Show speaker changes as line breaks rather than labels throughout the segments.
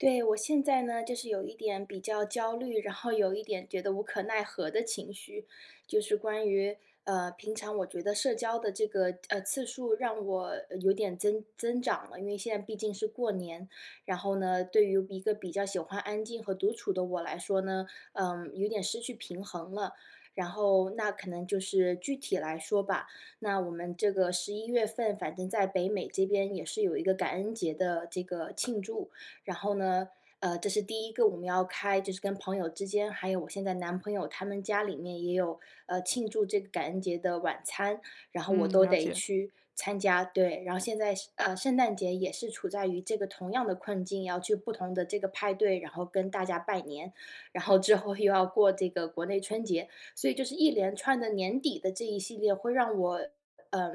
对，我现在呢，就是有一点比较焦虑，然后有一点觉得无可奈何的情绪，就是关于呃，平常我觉得社交的这个，呃，次数让我有点增增长了。因为现在毕竟是过年，然后呢，对于一个比较喜欢安静和独处的我来说呢，呃，有点失去平衡了，然后那可能就是具体来说吧，那我们这个十一月份反正在北美这边也是有一个感恩节的这个庆祝。然后呢，呃，这是第一个我们要开就是跟朋友之间还有我现在男朋友他们家里面也有，呃，庆祝这个感恩节的晚餐，然后我
嗯，
都
了
得
解。
去参加。对，然后现在是呃，圣诞节也是处在于这个同样的困境，要去不同的这个派对，然后跟大家拜年，然后之后又要过这个国内春节，所以就是一连串的年底的这一系列会让我呃，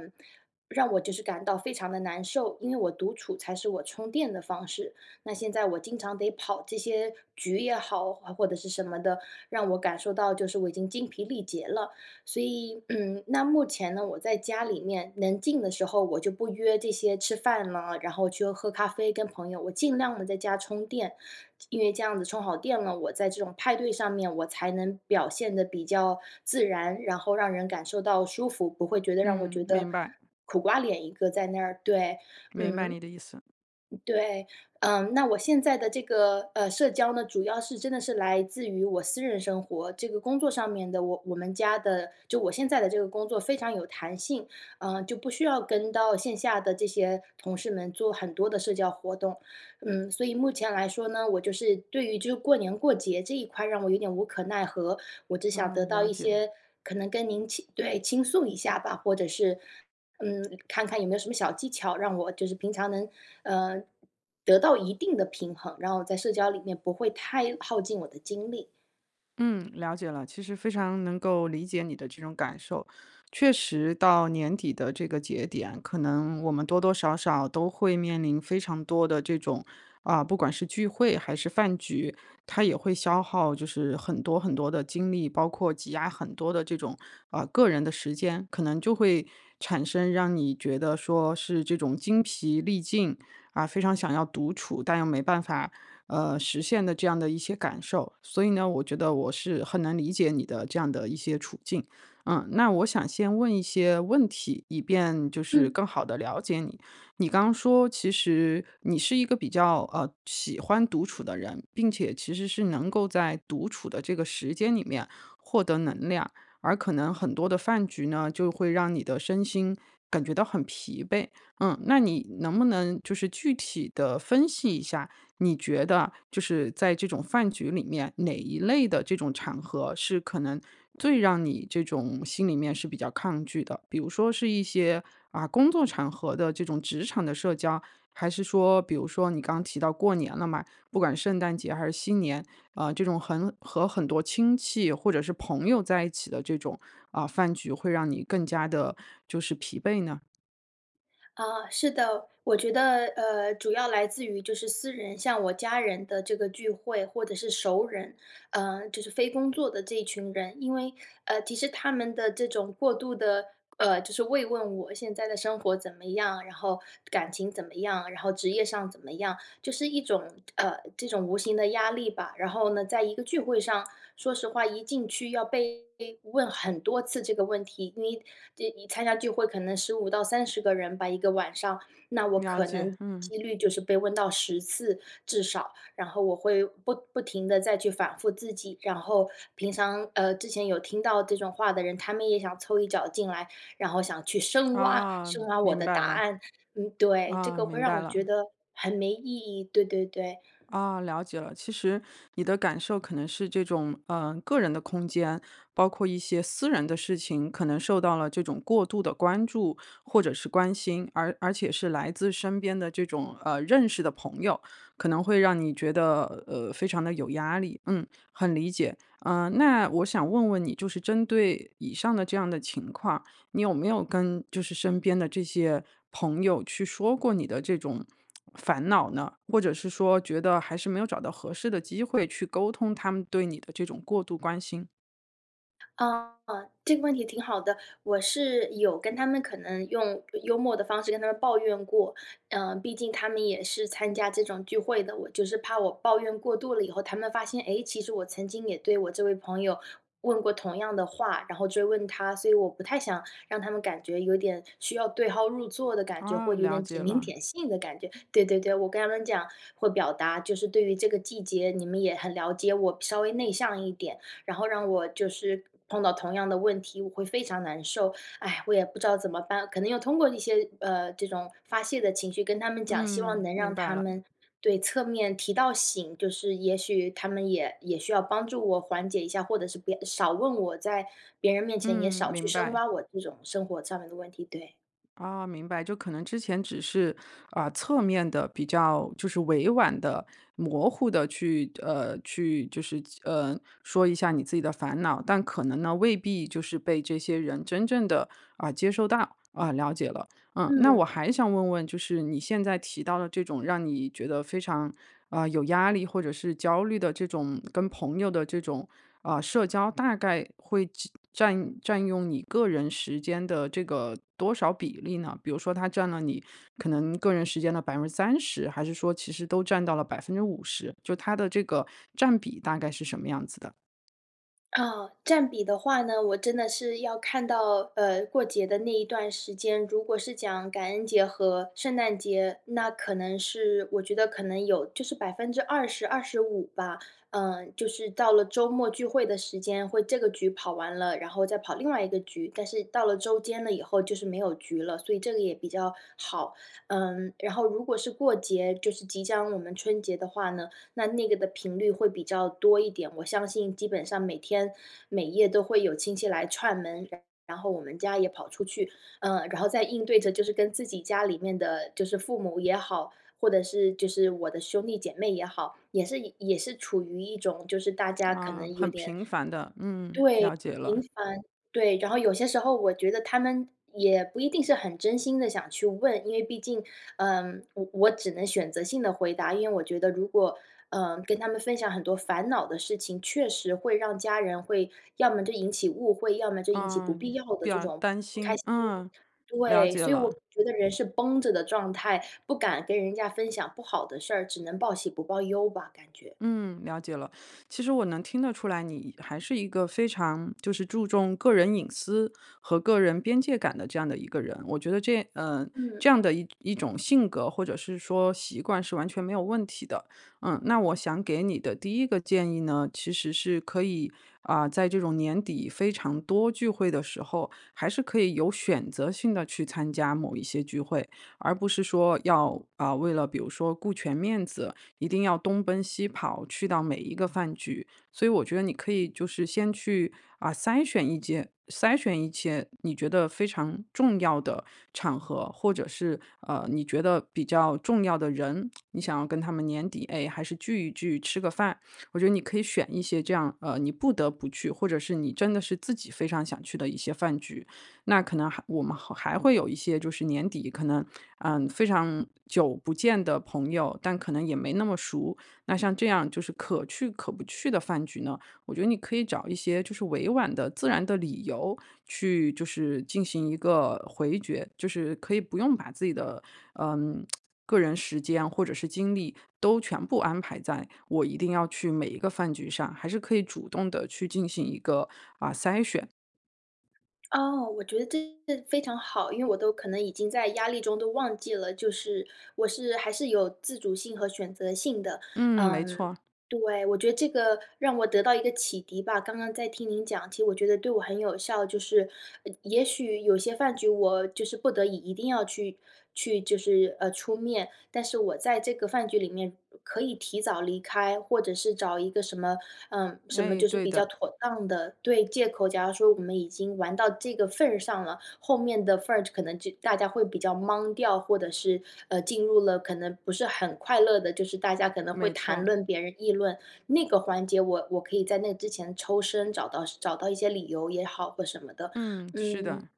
让我就是感到非常的难受。因为我独处才是我充电的方式，那现在我经常得跑这些局也好，或者是什么的，让我感受到就是我已经精疲力竭了。所以，嗯，那目前呢，我在家里面能静的时候我就不约这些吃饭了，然后去喝咖啡跟朋友，我尽量地在家充电，因为这样子充好电了，我在这种派对上面我才能表现得比较自然，然后让人感受到舒服，不会觉得让我
嗯，
觉得
明白。
苦瓜脸一个在那儿。对，
明白
嗯。
你的意思。
对，嗯，那我现在的这个，呃，社交呢，主要是真的是来自于我私人生活，这个工作上面的，我我们家的就我现在的这个工作非常有弹性，呃，就不需要跟到线下的这些同事们做很多的社交活动。嗯，所以目前来说呢，我就是对于这过年过节这一块让我有点无可奈何，我只想
哦，
得到
了
一
解。
些可能跟您倾对，倾诉一下吧，或者是嗯，看看有没有什么小技巧，让我就是平常能，呃，得到一定的平衡，然后在社交里面不会太耗尽我的精力。
嗯，了解了，其实非常能够理解你的这种感受。确实到年底的这个节点，可能我们多多少少都会面临非常多的这种，啊，不管是聚会还是饭局，它也会消耗就是很多很多的精力，包括挤压很多的这种，啊，个人的时间。可能就会产生，让你觉得说是这种精疲力尽，啊，非常想要独处，但又没办法，呃，实现的这样的一些感受。所以呢，我觉得我是很能理解你的这样的一些处境，嗯。那我想先问一些问题，以便就是
嗯。
更好地了解你。你刚说，其实你是一个比较，呃，喜欢独处的人，并且其实是能够在独处的这个时间里面，获得能量，而可能很多的饭局呢，就会让你的身心感觉到很疲惫，嗯。那你能不能就是具体地分析一下，你觉得就是在这种饭局里面，哪一类的这种场合，是可能最让你这种心里面是比较抗拒的。比如说是一些，啊，工作场合的这种职场的社交，还是说，比如说你刚提到过年了嘛，不管圣诞节还是新年，啊，这种很和很多亲戚或者是朋友在一起的这种，啊，饭局会让你更加地就是疲惫呢？
啊，是的，我觉得，呃，主要来自于就是私人像我家人的这个聚会，或者是熟儿人，呃，就是非工作的这群人。因为呃，其实他们的这种过度的呃，就是慰问我现在的生活怎么样，然后感情怎么样，然后职业上怎么样，就是一种呃，这种无形的压力吧。然后呢，在一个聚会上说实话，一进去要被问很多次这个问题，你这参加聚会可能15到30个人吧一个晚上，那我
了
可
解，
能
嗯。
机率就是被问到10次至少，然后我会不不停地再去反复自己。然后平常呃，之前有听到这种话的人，他们也想凑一脚进来，然后想去深挖
啊，
深挖我
明
的
白
答
了。
案，嗯，对，这
啊，
个会
明
让
白
我
了。
觉得很没意义，对对对。
啊，了解了。其实你的感受可能是这种呃，个人的空间，包括一些私人的事情，可能受到了这种过度的关注或者是关心，而而且是来自身边这种，呃，认识的朋友，可能会让你觉得，呃，非常地有压力。嗯，很理解，呃，那我想问问你，就是针对以上的这样的情况，你有没有跟就是身边的这些朋友去说过你的这种烦恼呢？或者是说，觉得还是没有找到合适的机会去沟通他们对你的这种过度关心？
呃，这个问题挺好的。我是有跟他们可能用幽默的方式跟他们抱怨过，呃，毕竟他们也是参加这种聚会的，我就是怕我抱怨过度了以后，他们发现，哎，其实我曾经也对我这位朋友问过同样的话，然后追问他，所以我不太想让他们感觉有点需要对号入座的感觉，
啊，
或者有
了
点指
解
名
了。
点姓的感觉。对对对，我跟他们讲或表达，就是对于这个季节，你们也很了解我，稍微内向一点，然后让我就是碰到同样的问题，我会非常难受。唉，我也不知道怎么办。可能要通过一些呃，这种发泄的情绪跟他们讲，希望
嗯，
能
明
让
白
他
了。
们对，侧面提到醒，就是也许他们也也需要帮助我缓解一下，或者是别少问我，在别人面前也
嗯，
少去
明
深
白。
挖我这种生活上面的问题，对。
哦，明白，就可能之前只是呃，侧面地比较就是委婉地、模糊地去呃，去就是呃，说一下你自己的烦恼，但可能呢，未必就是被这些人真正地，呃，接收到，呃，了解了。嗯，那
嗯。
我还想问问，就是你现在提到的这种让你觉得非常，呃，有压力或者是焦虑的这种跟朋友的这种，呃，社交，大概会占占占用你个人时间的这个多少比例呢？比如说它占了你可能个人时间的30%，还是说其实都占到了50%，就它的这个占比大概是什么样子的？
啊，占比的话呢，我真的是要看到呃，过节的那一段时间，如果是讲感恩节和圣诞节，那可能是我觉得可能有就是20%-25%吧。嗯，就是到了周末聚会的时间，会这个局跑完了，然后再跑另外一个局。但是到了周间了以后，就是没有局了，所以这个也比较好。嗯，然后如果是过节，就是即将我们春节的话呢，那那个的频率会比较多一点。我相信基本上每天每夜都会有亲戚来串门，然然后我们家也跑出去。呃，然后在应对着就是跟自己家里面的就是父母也好，或者是就是我的兄弟姐妹也好。也是也是处于一种就是大家可
啊，
能有
很
点
频繁的，嗯，
对，
了解
频
了。
繁，对，然后有些时候我觉得他们也不一定是很真心地想去问。因为毕竟，呃，我我只能选择性地回答，因为我觉得如果，呃，跟他们分享很多烦恼的事情，确实会让家人会要么就引起误会，要么就引起不必
嗯，
要的
比
这
较
种
担
不开
心，
心。
嗯，了
对，
解
所以
了。
我觉得人是绷着的状态，不敢跟人家分享不好的事儿，只能报喜不报忧吧，感觉。
嗯，了解了。其实我能听得出来，你还是一个非常就是注重个人隐私和个人边界感的这样的一个人。我觉得这嗯，
嗯。
这样的一种性格，或者是说习惯是完全没有问题的。嗯，那我想给你的第一个建议呢，其实是可以，啊，在这种年底非常多聚会的时候，还是可以有选择性地去参加某一些聚会。而不是说要，啊，为了比如说顾全面子，一定要东奔西跑，去到每一个饭局。所以我觉得你可以就是先去，啊，筛选一件筛选一些你觉得非常重要的场合或者是，呃，你觉得比较重要的人，你想要跟他们年底，哎，还是聚一聚，吃个饭。我觉得你可以选一些这样，呃，你不得不去，或者是你真的是自己非常想去的一些饭局。那可能还我们还会有一些就是年底可能，呃，非常久不见的朋友，但可能也没那么熟。那像这样，就是可去可不去的饭局呢，我觉得你可以找一些，就是委婉的、自然的理由去就是进行一个回绝。就是可以不用把自己的，呃，个人时间或者是精力都全部安排在我一定要去每一个饭局上，还是可以主动地去进行一个，啊，筛选。
哦，我觉得这非常好。因为我都可能已经在压力中都忘记了，就是我是还是有自主性和选择性的。
嗯，没
嗯，
错。
对，我觉得这个让我得到一个启迪吧。刚刚在听您讲，其实我觉得对我很有效。就是呃，也许有些饭局我就是不得已一定要去去就是，呃，出面，但是我在这个饭局里面可以提早离开，或者是找一个什么呃，什么
哎，
就是
对
比较
的。
妥当的对，借口。假如说我们已经玩到这个份儿上了，后面的份儿可能就大家会比较懵掉，或者是，呃，进入了可能不是很快乐的就是大家可能会
没错
谈
儿。
论别人，议论那个环节，我我可以在那之前抽身找到找到一些理由也好或什么的，
嗯，是
嗯，
的。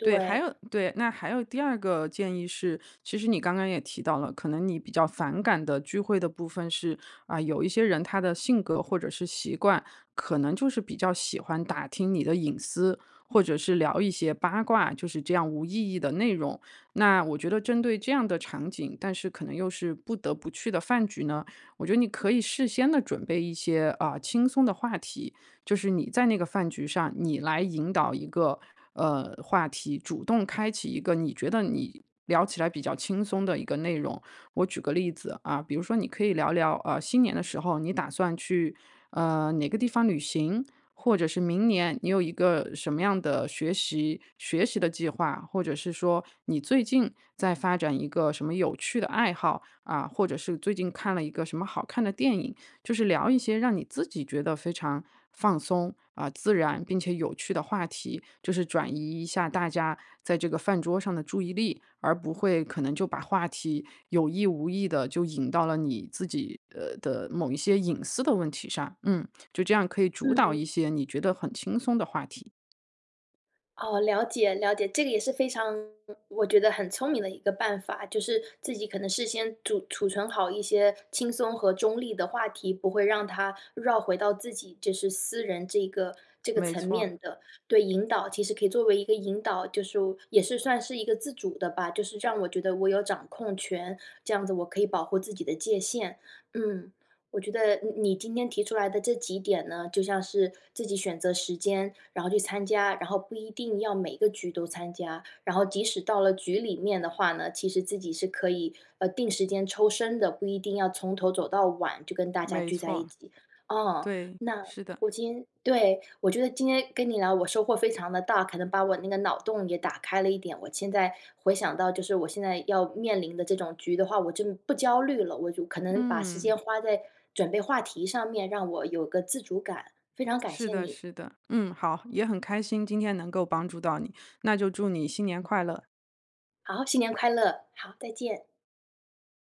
对，还有对，那还有第二个建议是，其实你刚刚也提到了，可能你比较反感的聚会的部分是，啊，有一些人他的性格或者是习惯，可能就是比较喜欢打听你的隐私，或者是聊一些八卦，就是这样无意义的内容。那我觉得针对这样的场景，但是可能又是不得不去的饭局呢，我觉得你可以事先地准备一些，呃，轻松的话题，就是你在那个饭局上你来引导一个，呃，话题，主动开启一个你觉得你聊起来比较轻松的一个内容。我举个例子，啊，比如说你可以聊聊，呃，新年的时候，你打算去，呃，哪个地方旅行，或者是明年你有一个什么样的学习学习的计划，或者是说你最近在发展一个什么有趣的爱好，啊，或者是最近看了一个什么好看的电影。就是聊一些让你自己觉得非常放松，啊，自然并且有趣的话题。就是转移一下大家在这个饭桌上的注意力，而不会可能就把话题有意无意地就引到了你自己，呃，的某一些隐私的问题上。嗯，就这样可以主导
嗯。
一些你觉得很轻松的话题。
哦，了解，了解。这个也是非常我觉得很聪明的一个办法，就是自己可能事先煮储存好一些轻松和中立的话题，不会让它绕回到自己就是私人这一个这个
没
层
错。
面的。对，引导，其实可以作为一个引导，就是也是算是一个自主的吧，就是让我觉得我有掌控权，这样子我可以保护自己的界限。嗯，我觉得你你今天提出来的这几点呢，就像是自己选择时间，然后去参加，然后不一定要每个局都参加，然后即使到了局里面的话呢，其实自己是可以，呃，定时间抽身的，不一定要从头走到晚，就跟大家
没
聚在一
错，
起。啊，
对，
那
是的。
我今天对，我觉得今天跟你聊，我收获非常地大，可能把我那个脑洞也打开了一点，我现在回想到就是我现在要面临的这种局的话，我真不焦虑了，我就，可能把时
嗯。
间花在准备话题上面，让我有个自主感，非常感
是
谢
的，
你。
是的。嗯，好，也很开心，今天能够帮助到你，那就祝你新年快乐。
好，新年快乐，好，再见。